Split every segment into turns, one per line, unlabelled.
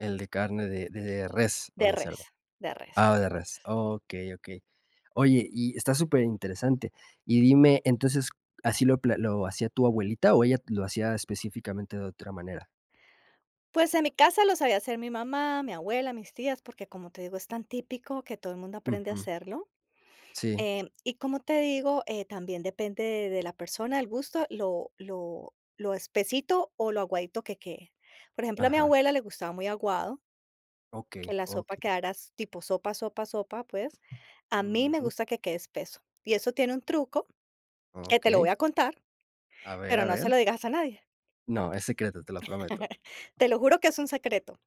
El de carne de de res, ¿o
De
de
res,
cerdo?
de res,
Ah,
de
de res.
res.
Okey, okey. Oye, y está superinteresante. Y dime, entonces, ¿así lo pla lo hacía tu abuelita o ella lo hacía específicamente de otra manera?
Pues, en mi casa lo sabía hacer mi mamá, mi abuela, mis tías, porque, como te digo, es tan típico que todo el mundo aprende a
Ujú.
hacerlo.
Sí.
Em, y, como te digo, eh, también depende de la persona, el gusto, lo lo lo espesito o lo aguadito que quede. Por ejemplo, a mi
Ajá.
abuela le gustaba muy aguado
Okey,
que la sopa
okey.
quedaras tipo sopa, sopa, sopa, pues. A mí me
Ujú.
gusta que quede espeso. Y eso tiene un truco, que te lo voy
Okey.
a contar,
A ver,
pero
a
no se
ver.
lo dirás a nadie.
No, es secreto, te lo prometo.
Te lo juro que es un secreto.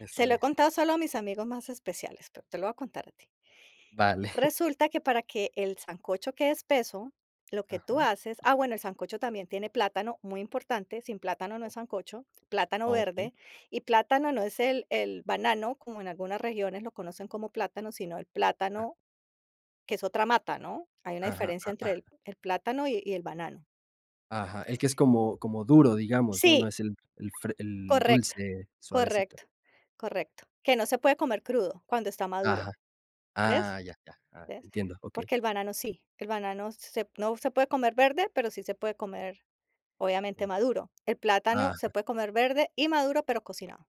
Está
Se lo he
bien.
contado solo a mis amigos más especiales, pero te lo voy a contar a ti.
Vale.
Resulta que para que el sancocho quede espeso, lo que tú
Ajá.
haces ah, bueno, el sancocho también tiene plátano, muy importante, sin plátano no es
O.
sancocho, plátano
Okey.
verde y plátano no es el el banano, como en algunas regiones lo conocen como plátano, sino el
Ah.
plátano que es otra mata, ¿no? Hay una
Ajá,
diferencia
a
entre
ah.
el el plátano y y el banano.
Ajá, el que es como, como duro, digamos, ¿no? No
Sí.
es el, el fre el
Correcto,
dulce suavecito.
correcto, correcto. Que no se puede comer crudo cuando está
Ajá.
maduro, ¿ves?
Ah, ya. Ya, ah,
¿Ves?
entiendo. Okey.
Porque el banano sí, el banano se no se puede comer verde, pero sí se puede comer obviamente,
Eh.
maduro. El plátano
Ajá.
se puede comer verde y maduro, pero cocinado,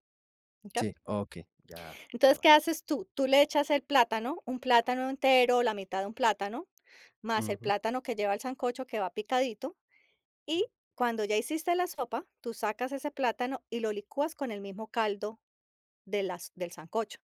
mm, ¿qué?
Sí, okey, ya, ya
Entonces,
va.
¿qué haces tú? Tú le echas el plátano, un plátano entero, la mitad de un plátano, más el
Ujú.
plátano que lleva el sancocho, que va picadito, y, cuando ya hiciste la sopa, tú sacas ese plátano y lo licuas con el mismo caldo de las del sancocho.